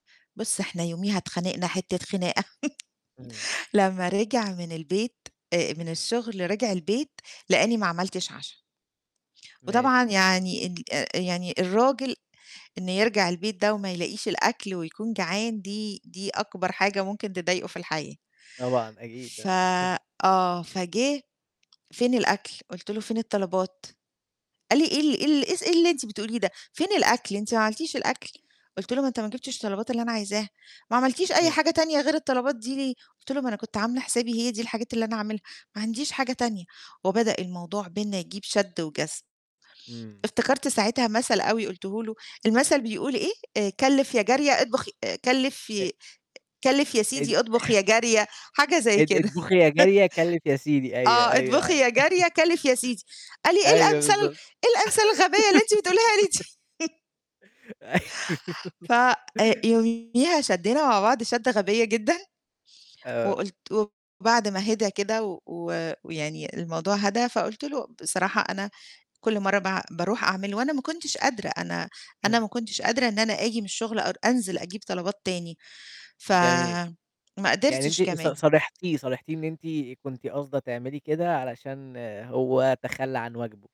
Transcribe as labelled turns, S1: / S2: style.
S1: بُصّ إحنا يوميها اتخانقنا حتّة خناقة
S2: امم.
S1: لمّا رجع من البيت آآ من الشغل رجع البيت، لقاني ما عملتش عَشا. وطبعا
S2: ماشي.
S1: يعني ال يعني الراجل إنه يرجع البيت ده وما يلاقيش الأكل ويكون جعان دي دي أكبر حاجة ممكن تضايقه في الحياة،
S2: طبعًا. أكيد.
S1: ف
S2: آه.
S1: آه فجِه، "فين الأكل؟" قلت له: "فين الطلبات؟" قال لي: "إيه ال إيه ال إيه س إيه اللي أنتِ بتقوليه ده؟ فين الأكل أنتِ ما عملتيش الأكل؟" قُلت له: "ما أنت ما جِبتش الطلبات اللي أنا عايزاها." "ما عملتيش أي
S2: امم.
S1: حاجة تانية غير الطلبات دي ليه؟" قُلت له: "ما أنا كنت عاملة حسابي هي دي الحاجات اللي أنا هاعملها، ما عنديش حاجة تانية" وبدأ الموضوع بيننا يجيب شد وجذب.
S2: إمم.
S1: افتكرت ساعتها مثل أوي قُلته له، المثل بيقول إيه، آآ كلّف يا جارية اطبخ ي كلف
S2: أ
S1: ي كلّف يا
S2: اد
S1: سيدي اطبخ يا جارية، حاجة زي
S2: اط
S1: كده.
S2: اطبخي يا جارية، كلّف يا سيدي. أيوه،
S1: آه اطبخي
S2: أيوه.
S1: يا جارية كلّف يا سيدي قال لي: "إيه
S2: أيوه
S1: الأمثال
S2: بالضبط.
S1: إيه الأمثال الغبية اللي أنتِ بتقوليها لي دي؟!"
S2: أيوه.
S1: ف آآ يوميها شدّينا مع بعض شدة غبية جدًا،
S2: آه.
S1: وقُلت وبعد ما هدا كده و و ويعني الموضوع هدا فقُلت له: "بصراحة أنا كل مَرّة باع باروح أعمل وأنا ما كنتش قادرة، أنا أنا
S2: امم.
S1: ما كنتش قادرة إن أنا آجي من الشغل أر أنزل أجيب طلبات تاني، ف
S2: جميل.
S1: ما
S2: يعني
S1: قدرتش
S2: أنتِ ص
S1: كمان."
S2: صارحتيه صارحتيه إن أنتِ كنتِ قاصده تعملي كده علشان هو تخلّى عن واجبه.